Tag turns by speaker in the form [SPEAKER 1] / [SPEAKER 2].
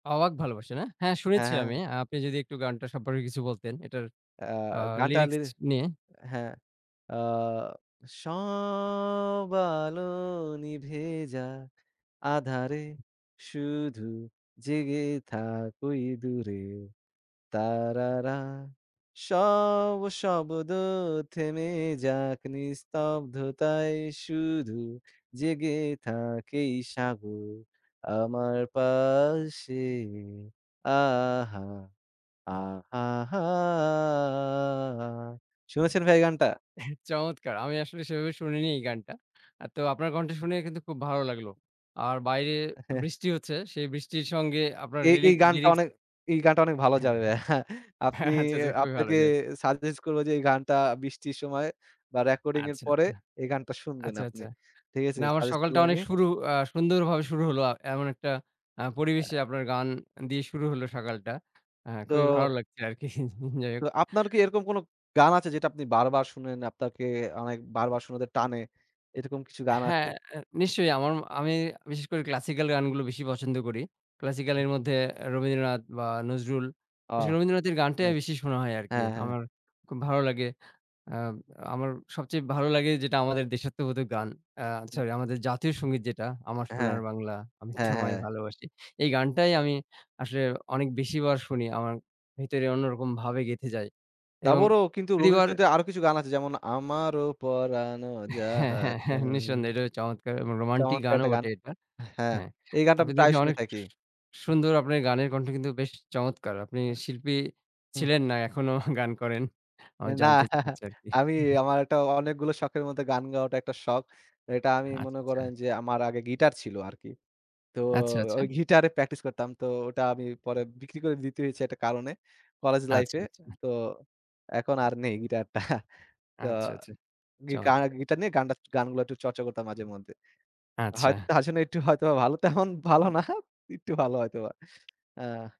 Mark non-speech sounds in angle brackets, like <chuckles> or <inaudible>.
[SPEAKER 1] অবাক ভালোবাসা, না? হ্যাঁ,
[SPEAKER 2] হ্যাঁ,
[SPEAKER 1] শুনেছি আমি।
[SPEAKER 2] হ্যাঁ।
[SPEAKER 1] আপনি যদি একটু গানটা সম্পর্কে কিছু বলতেন। এটার
[SPEAKER 2] আ
[SPEAKER 1] আ
[SPEAKER 2] গানটার
[SPEAKER 1] লিরিক্স
[SPEAKER 2] লিরিক
[SPEAKER 1] নিয়ে।
[SPEAKER 2] হ্যাঁ। আ সব আলো নিভে যাক আঁধারে, শুধু জেগে থাক, ওই দূরে। তারারা, সব শব্দ থেমে যাক, নিস্তব্ধতায় শুধু জেগে থাক। এই সাগর আমার পাশে। আহা! আহা হা শুনেছেন ভাই এই গানটা?
[SPEAKER 1] চমৎকার। আমি আসলে সেভাবে শুনিনি এই গানটা। তো আপনার কন্ঠে শুনে কিন্তু খুব ভালো লাগলো। আর বাইরে বৃষ্টি হচ্ছে, সেই বৃষ্টির সঙ্গে আপনার
[SPEAKER 2] এই,
[SPEAKER 1] লিরি
[SPEAKER 2] এই গানটা
[SPEAKER 1] লিরিক্স।
[SPEAKER 2] অনে এই গানটা অনেক ভালো
[SPEAKER 1] হ্যাঁ,
[SPEAKER 2] যাবে। <laughs> আপনি
[SPEAKER 1] হ্যাঁ। আচ্ছা, আচ্ছা, খুবই ভালো
[SPEAKER 2] আপনাকে
[SPEAKER 1] যায়।
[SPEAKER 2] সাজেস্ট করব যে এই গানটা বৃষ্টির সময়ে বা রেকর্ডিং-এর
[SPEAKER 1] আচ্ছা,
[SPEAKER 2] পরে
[SPEAKER 1] আচ্ছা।
[SPEAKER 2] এই গানটা শুনবেন
[SPEAKER 1] আচ্ছা,
[SPEAKER 2] আপনি।
[SPEAKER 1] আচ্ছা।
[SPEAKER 2] ঠিক আছে?
[SPEAKER 1] না, আমার
[SPEAKER 2] সাজেস্ট
[SPEAKER 1] সকালটা
[SPEAKER 2] করলাম
[SPEAKER 1] অনেক
[SPEAKER 2] আমি।
[SPEAKER 1] শুরু আ সুন্দরভাবে শুরু হলো। আ এমন একটা আ পরিবেশে
[SPEAKER 2] আ
[SPEAKER 1] আপনার গান দিয়ে শুরু হলো সকালটা। হ্যাঁ, খুবি
[SPEAKER 2] তো
[SPEAKER 1] ভালো লাগছে আরকি। <laughs> যাই হোক।
[SPEAKER 2] তো আপনার কী এরকম কোন গান আছে যেটা আপনি বারবার শোনেন, আপনাকে অনেক বারবার শোনাতে টানে, এরকম কিছু গান আছে?
[SPEAKER 1] হ্যাঁ। অ্যা নিশ্চয়ই। আমার আমি বিশেষ করে ক্লাসিকাল গানগুলো বেশি পছন্দ করি। ক্লাসিকাল এর মধ্যে রবীন্দ্রনাথ বা নজরুল।
[SPEAKER 2] ও।
[SPEAKER 1] বিশেষ রবীন্দ্রনাথের
[SPEAKER 2] অ্যা
[SPEAKER 1] গানটাই বেশি শোনা হয় আরকি।
[SPEAKER 2] হ্যাঁ, হ্যাঁ।
[SPEAKER 1] আমার খুব ভালো লাগে। আম আমার সবচেয়ে ভালো লাগে যেটা, আমাদের দেশাত্মবোধক গান, আ সরি, আমাদের জাতীয় সঙ্গীত যেটা "আমার
[SPEAKER 2] হ্যাঁ।
[SPEAKER 1] সোনার বাংলা, আমি
[SPEAKER 2] হ্যাঁ,
[SPEAKER 1] তোমায়
[SPEAKER 2] হ্যাঁ।
[SPEAKER 1] ভালোবাসি"। এই গানটাই আমি আসলে অনেক বেশিবার শুনি, আমার ভেতরে অন্যরকম ভাবে গেঁথে যায় এবং
[SPEAKER 2] তারপরও কিন্তু
[SPEAKER 1] প্রতিবার
[SPEAKER 2] রবীন্দ্রসঙ্গীতে আরও কিছু গান আছে, যেমন আমারও পরানো
[SPEAKER 1] হ্যাঁ,
[SPEAKER 2] যাহা
[SPEAKER 1] হ্যাঁ, হ্যাঁ,
[SPEAKER 2] চায়।
[SPEAKER 1] নিঃসন্দেহে এটাও চমৎকার এবং রোমান্টিক
[SPEAKER 2] চমৎকার
[SPEAKER 1] গানও
[SPEAKER 2] একটা গান।
[SPEAKER 1] বটে এটা।
[SPEAKER 2] হ্যাঁ,
[SPEAKER 1] হ্যাঁ,
[SPEAKER 2] এই গানটা
[SPEAKER 1] আপনি
[SPEAKER 2] আমি
[SPEAKER 1] দেখি
[SPEAKER 2] প্রায় শুনে
[SPEAKER 1] অনেক সু
[SPEAKER 2] থাকি।
[SPEAKER 1] সুন্দর, আপনার গানের কন্ঠ কিন্তু বেশ চমৎকার। আপনি শিল্পী ছিলেন? না এখনো গান করেন? আমার
[SPEAKER 2] না,
[SPEAKER 1] জানতে ইচ্ছা
[SPEAKER 2] <laughs>
[SPEAKER 1] হচ্ছে আরকি।
[SPEAKER 2] আমি
[SPEAKER 1] <chuckles>
[SPEAKER 2] আমার একটা অনেকগুলো শখের মধ্যে গান গাওয়াটা একটা শখ। এটা আমি
[SPEAKER 1] আচ্ছা,
[SPEAKER 2] মনে
[SPEAKER 1] আচ্ছা
[SPEAKER 2] করেন যে, আমার আগে গীটার ছিল আরকি। তো
[SPEAKER 1] আচ্ছা, আচ্ছা।
[SPEAKER 2] ওই গীটার-এ প্রাকটিস করতাম। তো ওটা আমি পরে বিক্রি করে দিতে হয়েছে একটা কারণে, কলেজ
[SPEAKER 1] আচ্ছা,
[SPEAKER 2] লাইফে।
[SPEAKER 1] আচ্ছা।
[SPEAKER 2] তো, এখন আর নেই গিটারটা। তো
[SPEAKER 1] আচ্ছা, আচ্ছা।
[SPEAKER 2] গীকার,
[SPEAKER 1] চমৎকার।
[SPEAKER 2] গীটার নিয়ে গানটা গানগুলো একটু চর্চা করতাম মাঝেমধ্যে। হয়তো
[SPEAKER 1] আচ্ছা।
[SPEAKER 2] আসলে একটু হয়তোবা ভালো তেমন ভালো না, একটু ভালো হয়তোবা। আ